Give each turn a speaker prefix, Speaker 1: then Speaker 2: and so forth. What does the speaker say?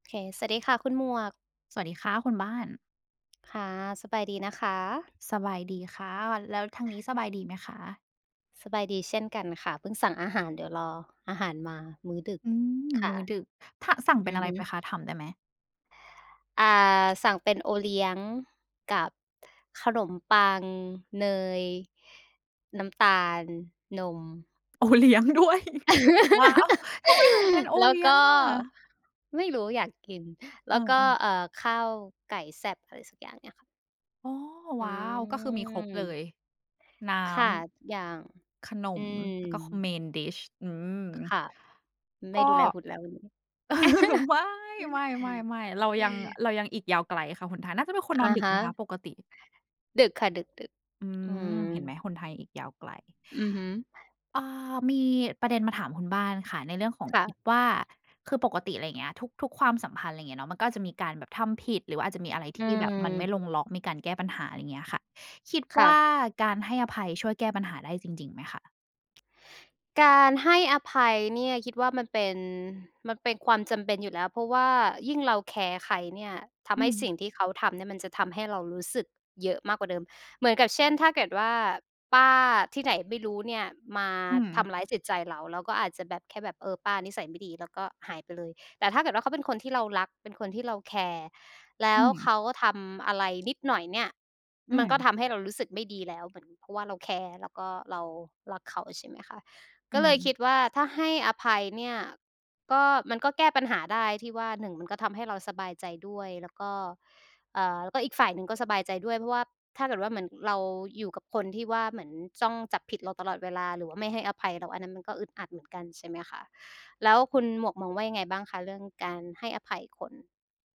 Speaker 1: เค สวัสดีค่ะคุณหมวก
Speaker 2: สวัสดีค่ะคุณบ้าน
Speaker 1: ค่ะ สบายดีนะคะ?
Speaker 2: สบายดีค่ะ แล้วทางนี้สบายดีไหมคะ?
Speaker 1: สบายดีเช่นกันค่ะ เพิ่งสั่งอาหาร เดี๋ยวรออาหารมามื้อดึก
Speaker 2: อืม
Speaker 1: ค
Speaker 2: ม
Speaker 1: ่ะ
Speaker 2: ื้อดึก ท สั่งเป
Speaker 1: อ
Speaker 2: ็
Speaker 1: ื
Speaker 2: น
Speaker 1: อ
Speaker 2: อะไร
Speaker 1: ฮ
Speaker 2: ไป
Speaker 1: ึ
Speaker 2: คะ? ถามได้ไหม?
Speaker 1: อ่า สั่งเป็นโอเลี้ยงกับขนมปัง เนย น้ำตาล นม
Speaker 2: โอเลี้ยงด้วย ว้าว ทำไมถึงเป็นโอ
Speaker 1: แล้
Speaker 2: เ
Speaker 1: ว
Speaker 2: ลี้
Speaker 1: ก
Speaker 2: ยง
Speaker 1: ็
Speaker 2: อะ?
Speaker 1: ไม่รู้อยากกิน แ
Speaker 2: อ
Speaker 1: ล้วก็
Speaker 2: า ๆ
Speaker 1: เอ่อ ข้าวไก่แซ่บ อะไรสักอย่างเนี่ยค่ะ
Speaker 2: อ๋อ
Speaker 1: อ
Speaker 2: ว้าว ก็คือมีครบเล
Speaker 1: ืม
Speaker 2: ย น้
Speaker 1: ค่ะ อย่าง
Speaker 2: ำ ขน
Speaker 1: อื
Speaker 2: ม
Speaker 1: ม
Speaker 2: แล้วก็คอม Main Dish อืม
Speaker 1: ค่ะ ไม
Speaker 2: ก
Speaker 1: ่
Speaker 2: ็
Speaker 1: ดูแลหุ่นแล้ววันนี้
Speaker 2: ไม่ ๆ ๆ ๆ เรายัง เรายังอีกยาวไกลค่ะหนทาง น่าจะเป็นคนน
Speaker 1: อ
Speaker 2: อ
Speaker 1: ะ
Speaker 2: นดึ
Speaker 1: ฮ
Speaker 2: กไหมค
Speaker 1: ะ
Speaker 2: ะปกติ?
Speaker 1: ดึกค่ะ ดึก
Speaker 2: อื
Speaker 1: ๆ อือ
Speaker 2: ม เห็นไหมหนทางอีกยาวไกล
Speaker 1: อือฮึ
Speaker 2: เอ่อ มีประเด็นมาถามคุณบ้านค่ะ ในเรื่องของ
Speaker 1: ค่ะ
Speaker 2: อิดว่า คือปกติอะไรอย่างเงี้ย ทุก ทุกความสัมพันธ์อะไ รอย่างเงี้ยเนาะ มันก็จะอาจจะมีการแบบทำผิด หรือว่าอาจจะมีอะไรท
Speaker 1: อื
Speaker 2: ี่แบบมันไม่
Speaker 1: ม
Speaker 2: ลงล็อก มีการแก้ปัญหา ไรเงี้ยค่ะ คิด
Speaker 1: ค
Speaker 2: ว
Speaker 1: ่
Speaker 2: ่า
Speaker 1: ะ
Speaker 2: การให้อภัยช่วยแก้ปัญหาได้จริง ๆ ไหมคะ?
Speaker 1: การให้อภัยเนี่ยคิดว่า มันเป็น มันเป็นความจำเป็นอยู่แล้ว เพราะว่ายิ่งเราแคร์ใครเนี่ย ท
Speaker 2: อ
Speaker 1: ำ
Speaker 2: ื
Speaker 1: ให้
Speaker 2: ม
Speaker 1: สิ่งที่เขาทำเนี่ยมันจะทำให้เรารู้สึกเยอะมากกว่าเดิม เหมือนกับเช่น ถ้าเกิดว่าป้าที่ไหนไม่รู้เนี่ย มา
Speaker 2: อื
Speaker 1: ท
Speaker 2: ม
Speaker 1: ำร้ายจิตใจเรา เราก็อาจจะแบบ แค่แบบ เออ ป้านิสัยไม่ดี แล้วก็หายไปเลย แต่ถ้าเกิดว่าเขาเป็นคนที่เรารัก เป็นคนที่เราแคร์ แล้
Speaker 2: อื
Speaker 1: วเข
Speaker 2: ม
Speaker 1: าทำอะไรนิดหน่อยเนี่ย
Speaker 2: อื
Speaker 1: มันก็
Speaker 2: ม
Speaker 1: ทำให้เรารู้สึกไม่ดีแล้วเหมือน เพราะว่าเราแคร์ แล้วก็เรารักเขา ใช่ไหมคะ?
Speaker 2: อื
Speaker 1: ก็เลยค
Speaker 2: ม
Speaker 1: ิดว่าถ้าให้อภัยเนี่ย ก็ มันก็แก้ปัญหาได้ที่ว่า 1 มันก็ทำให้เราสบายใจด้วย แล้วก็ เอ่อ แล้วก็อีกฝ่ายหนึ่งก็สบายใจด้วย เพราะว่าถ้าเกิดว่า เหมือนเราอยู่กับคนที่ว่า เหมือนจ้องจับผิดเราตลอดเวลา หรือว่าไม่ให้อภัยเรา อันนั้นมันก็อึดอัดเหมือนกัน ใช่ไหมคะ? แล้วคุณหมวกมองว่ายังไงบ้างคะเรื่องการให้อภัยคน?